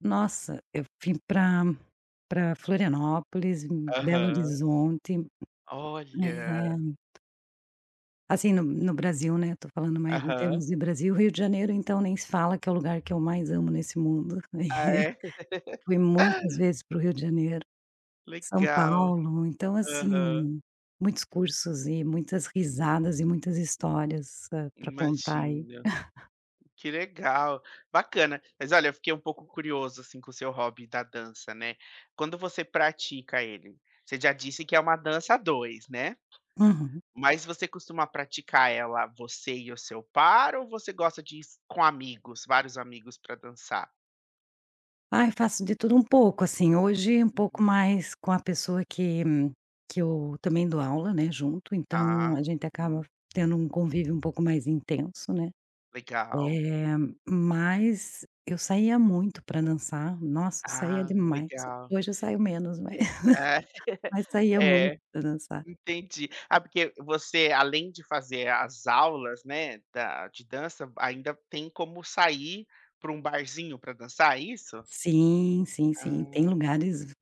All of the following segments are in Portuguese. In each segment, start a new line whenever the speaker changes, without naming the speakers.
Nossa, eu fui para para Florianópolis, Belo
Aham.
Horizonte
Olha.
eh assim, no no Brasil, né, estou falando mais em
Aham.
termos de Brasil, Rio de Janeiro, então, nem se fala que é o lugar que eu mais amo nesse mundo,
Ah
assim,
é?
fui muitas vezes para o Rio de Janeiro, São
Legal,
Paulo, então,
aham.
assim, muitos cursos e muitas risadas e muitas histórias para contar aí.
Imagino, que legal, bacana, mas olha eu fiquei um pouco curioso, assim, com o seu hobby da dança, né. Quando você pratica ele, você já disse, que é uma dança a 2, né.
Uhum.
Mas você costuma praticar ela você e o seu par, ou você gosta dis com amigos, vários amigos para dançar?
Ai, faço de tudo um pouco, assim, hoje, um pouco
Uhum.
mais com a pessoa que que eu também, dou aula, né, junto
Tá,
então, a gente acaba
uhum.
tendo um convívio um pouco mais intenso, né,
Legal,
eh,
uhum.
mas eu saía muito para dançar, nossa saía
Ah
demais,
legal
hoje eu saio menos mas
ah,
mas saía muito
é
para dançar.
entendi. Ah porque você além de fazer as aulas, né, da de dança, ainda tem como sair para um barzinho, para dançar é isso?
Sim, sim, sim, tem
Ah.
lugares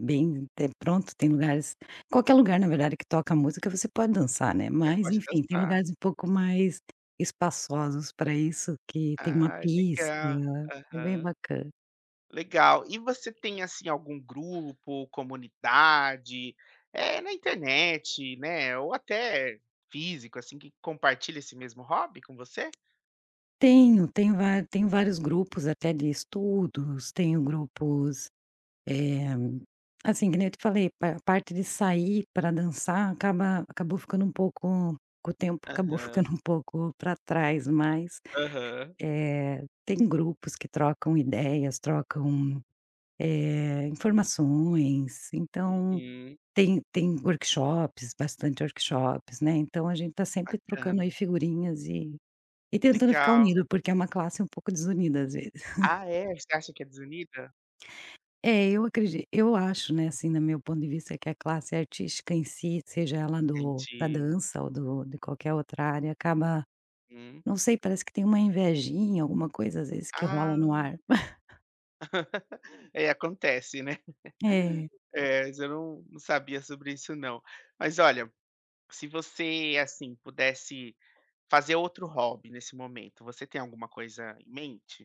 bem pronto, tem lugares qualquer lugar na verdade que toca música, você pode dançar, né,
É
mas,
pode
enfim, tem
dançar.
lugares um pouco mais espaçosos para isso, que tem uma
Ai
pista,
legal,
é bem
aham
bacana.
legal, e você tem, assim, algum grupo, comunidade, eh, na internet, né, ou até físico, assim, que compartilha esse mesmo hobby com você?
Tenho, tenho tenho vários grupos até de estudos, tenho grupos, eh, assim, que nem eu te falei, a parte de sair para dançar acaba acabou ficando um pouco o tempo acabou
Aham.
ficando um pouco para trás mas,
Aham.
eh, tem grupos que trocam ideias, trocam, eh, informações, então,
Uhum.
tem tem workshops, bastante workshops, né, então, a gente está sempre trocando aí
Bacana.
figurinhas e e tentando ficar
Legal.
unido porque é uma classe um pouco desunida às vezes.
Ah é, você acha que é desunida?
É eu acred eu acho né, assim, no meu ponto de vista, que a classe artística em si seja ela do da
Entendi.
dança ou do de qualquer outra área acaba,
Hum.
não sei, parece que tem uma invejinha, alguma coisa, às vezes, que
Ah.
rola no ar.
É acontece né.
É.
É mas eu não não sabia sobre isso não. Mas olha, se você, assim, pudesse fazer outro hobby nesse momento, você tem alguma coisa em mente?